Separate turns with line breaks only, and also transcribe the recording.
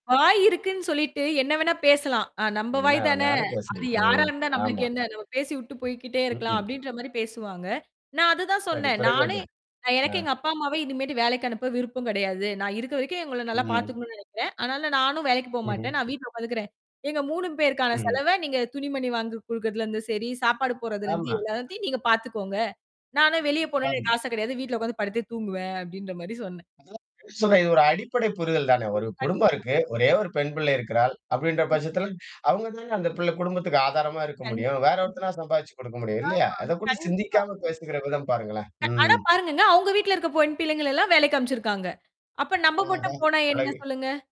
வாய் இருக்குன்னு சொல்லிட்டு என்ன வேணா பேசலாம். அ நம்ம வாய் தான!
என்னவேணாலும்
அது
பேசுறது,
யாரா
ம்,
இருந்தா நமக்கு
ஆமா.
என்ன? நம்ம பேசி விட்டுப் போய்க்கிட்டே இருக்கலாம்
ம்ஹ்ம்.
அப்பிடின்றமாரி பேசுவாங்க. நான் அதுதான்
சரி
சொன்னேன்.
பிறகு என்ன?
நானே நான்
ஆ.
எனக்கே எங்க அப்பா அம்மாவே இனிமேட்டு வேலைக்கு அனுப்ப விருப்பம் கிடையாது. நான் இருக்கிற வரைக்கும் அவுங்கள நல்லா
ம்.
பாத்துக்கணுன்னு நினைக்கிறேன். ஆனாலும் நானும் வேலைக்குப்
ம்ஹ்ம்.
போகமாட்டேன். நான் வீட்ல உக்காந்துக்கிறேன். எங்க 3 பேருக்கான
ம்ஹ்ம்.
செலவ நீங்கத் துணிமணி வாங்கிக் கொடுக்குறதுல இருந்து சரி சாப்பாடு போடுறதுல இருந்து
ஆமா.
எல்லாத்தையும் நீங்கப் பாத்துக்கோங்க. நானும் வெளிய போணுன்னு
ஆம்.
எனக்கு ஆசை கிடையாது. வீட்ல உக்காந்து படுத்துத் தூங்குவேன் அப்பிடின்றமாரி சொன்னேன்.
இதெல்லாம் ஆக்ஷூலா இது ஒரு அடிப்படை புரிதல்தானே! ஒரு குடும்பம்
[unintelligible]
இருக்கு. ஒரே ஒரு பெண் பிள்ளை இருக்கிறாள். அப்பிடின்ற
கண்டிப்பா.
பட்சத்தில அவுங்கட்டதான் அந்தப் பிள்ள குடும்பத்துக்கு ஆதாரமா இருக்க முடியும்.
கண்டிப்பா
வேற ஒருத்தன்னா, சம்பாதிச்சு கொடுக்க முடியும்
ம்.
இல்லயா!
ஆமா,
அதப் பத்தி
கண்டிப்பா.
சிந்திக்காம பேசிக்கிற விதம் பாருங்களேன்.
அ அட
ம்.
பாருங்கங்க, அவுங்க வீட்டுல இருக்க பொண் பிள்ளைங்கள எல்லாம் வேலைக்கு அனுப்பிச்சுருக்காங்க. அப்போ நம்ம
ஆஹா!
மட்டும் போனா என்ன
அழகு.
சொல்லுங்க?